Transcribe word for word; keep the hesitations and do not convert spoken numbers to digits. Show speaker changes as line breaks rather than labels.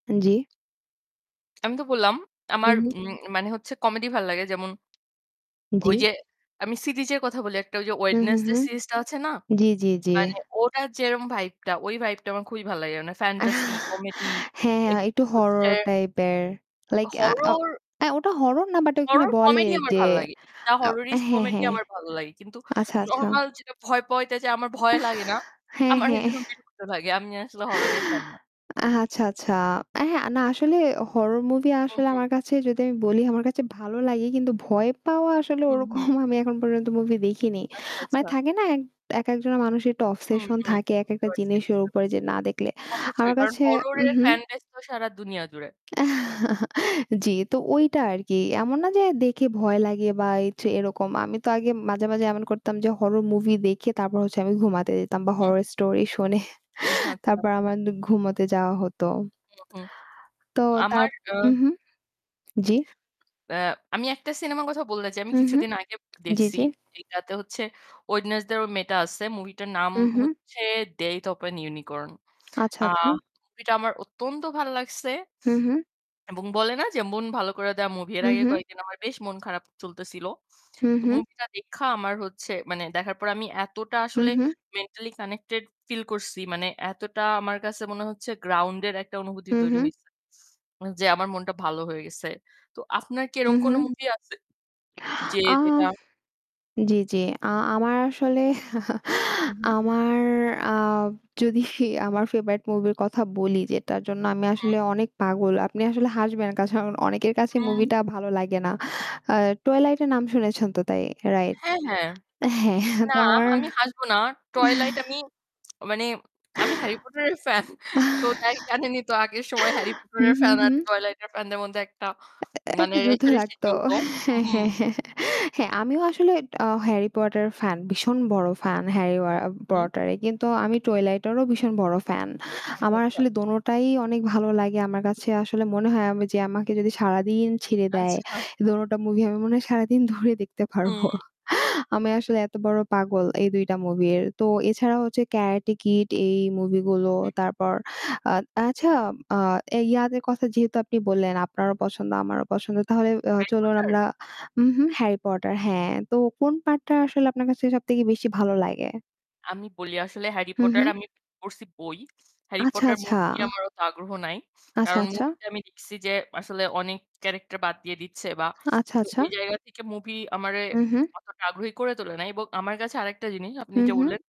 উম জ্বি।
আমি তো বললাম আমার
হুম, হুম।
উম মানে হচ্ছে কমেডি ভাল লাগে। যেমন
জ্বি।
ওই যে আমি সিদিজের কথা বলি একটা যে
হুম, হুম,
'Wednesday'
হুম।
সিরিজ টা আছে না?
জি, জি, জি।
মানে ওটা যেরকম ভাইব টা ওই ভাইব টা আমার খুবই ভালো লাগে। মানে
আহ।
ফ্যানটাসি কমেডি,
হ্যাঁ, একটু
একটু হচ্ছে
হরর টাইপের। Like a
horror.
ওটা হরর না বাট ওখানে
হরর
বলে
কমেডি আমার
যে
ভাল লাগে। দা
আ
হররিস্ট
হ্যাঁ,
কমেডি
হ্যাঁ।
আমার ভাল লাগে। কিন্তু
আচ্ছা, আচ্ছা।
নরমাল যেটা ভয় পওয়াতে আমার
আহ,
ভয় লাগে না।
হ্যাঁ,
আমার
হ্যাঁ।
যেরকম বিরক্ত লাগে। আমি আসলে হররের ফ্যান না।
আ আচ্ছা, আচ্ছা। হ্যাঁ, না আসলে হরর মুভি
হুম,
আসলে
হুম।
আমার কাছে যদি আমি বলি আমার কাছে ভালো লাগে কিন্তু ভয় পাওয়া আসলে
হুম,
ওরকম
হুম।
আমি এখন পর্যন্ত মুভি দেখিনি।
আচ্ছা,
মানে
আচ্ছা।
থাকে না এক একজন মানুষের একটু
হুম,
obsession
হুম।
থাকে
বুঝতে
একেকটা
পারছি,
জিনিস ওর
বুঝতে
উপরে
পারছি।
যে না দেখলে।
অবশ্যই
আমার
কারণ
কাছে উম
হররের
হুম।
ফ্যানবেস তো সারা দুনিয়া জুড়ে।
জ্বী, তো ওইটা আরকি। এমন না যে দেখে ভয় লাগে বা এইযে এরকম। আমি তো আগে মাঝে, মাঝে এমন করতাম যে হরর মুভি দেখে তারপর হচ্ছে আমি ঘুমাতে যেতাম বা
হুম,
হরর
হুম।
স্টোরি শুনে
উহ আচ্ছা।
তারপর আমার ঘুমোতে যাওয়া হত।
হুম, হুম।
তো তার
আমার আ
উম হুম। জ্বি।
আ আমি একটা সিনেমার কথা বলতে চাই। আমি
হুম, হুম।
কিছুদিন আগে
জি,
দেখছি।
জি।
এটাতে হচ্ছে 'Wednesday' এর ওই মেয়েটা আছে। মুভি টার নাম
হুম, হুম।
হচ্ছে, 'Death of a Unicorn'.
আচ্ছা,
আ
আচ্ছা।
মুভি টা আমার অত্যন্ত ভাল লাগছে।
হুম, হুম।
এবং বলে না যে মন ভালো করে দেওয়া মুভি এর
হুম,
আগে
হুম।
কয়েকদিন বেশ মন খারাপ চলতেছিল।
হুম,
তো
হুম।
মুভি টা দেইখা আমার হচ্ছে মানে দেখার পর আমি এতটা
হুম,
আসলে
হুম।
মেন্টালি কানেক্টেড ফিল করছি। মানে এতটা আমার কাছে মনে হচ্ছে গ্রাউন্ড এর একটা অনুভূতি
হুম,
তৈরি
হুম।
হইছে। যে আমার মনটা ভালো হয়ে গেছে। তো আপনার কি
হুম,
এরম কোন
হুম।
মুভি আছে? যে
আ
যেটা
জ্বি, জ্বি। আ আমার আসলে
হুম, হুম।
আমার আ যদি আমার ফেভারিট মুভির কথা বলি যেটার জন্য আমি
হ্যাঁ।
আসলে অনেক পাগল। আপনি আসলে হাসবেন কাশন অনেকের কাছেই মুভি
হুম।
টা ভালো লাগে না। আ Twilight এর নাম শুনেছেন তো তাই, রাইট?
হ্যাঁ, হ্যাঁ।
হ্যাঁ
না,
তো আমার
আমি হাসবো না। 'Twilight' আমি মানে আমি 'Harry Potter' এর ফ্যান, তো তাই জানেনই তো আগের সময় Harry Potter
হুম,
এর
হুম,
ফ্যান আর
হুম।
Twilight এর ফ্যান দের মধ্যে একটা
এ এ
মানে
একটা যুদ্ধ
রেষারেষি
লাগতো।
চলত। হুম,
হ্যাঁ,
হুম।
হ্যাঁ, হ্যাঁ। হ্যাঁ, আমিও আসলে আ 'Harry Potter' ফ্যান, ভীষণ বড় ফ্যান। Harry আ
হুম।
Potter কিন্তু আমি Twilight এরও ভীষণ বড় ফ্যান।
আচ্ছা,
আমার
আচ্ছা।
আসলে দোনোটাই অনেক ভালো লাগে। আমার কাছে আসলে মনে হয় আমি যে আমাকে যদি সারাদিন ছেড়ে দেয়
আচ্ছা।
দোনোটা মুভি আমি মনে হয় সারাদিন ধরে দেখতে পারবো।
হুম।
আমি আসলে এত বড় পাগল এই দুই টা মুভি এর। তো এছাড়া হচ্ছে 'Karate Kid' এই মুভি গুলো
[unintelligible] হুম।
তারপর আ আচ্ছা, আ এই ইয়াদের কথা যেহেতু আপনি বললেন আপনারও পছন্দ, আমারও পছন্দ। তাহলে
হুম,
আ
Harry
চলুন
Potter?
আমরা উম হুম, Harry Potter, হ্যাঁ। তো কোন পার্ট টা আসলে আপনার কাছে সবথেকে বেশি ভালো লাগে?
আমি বলি আসলে 'Harry
হুম,
Potter'
হুম।
আমি পড়ছি বই। 'Harry
আচ্ছা,
Potter'
আচ্ছা।
মুভি নিয়ে আমার অত আগ্রহ নাই।
আচ্ছা,
কারণ
আচ্ছা।
মুভি টা আমি দেখছি যে আসলে অনেক ক্যারেক্টার বাদ দিয়ে দিচ্ছে বা
আচ্ছা,
তো
আচ্ছা।
ওই জায়গা থেকে মুভি আমারে
হুম, হুম।
অতটা আগ্রহী করে তোলে নাই। এবং আমার কাছে আরেকটা জিনিস আপনি
হুম,
যে
হুম।
বললেন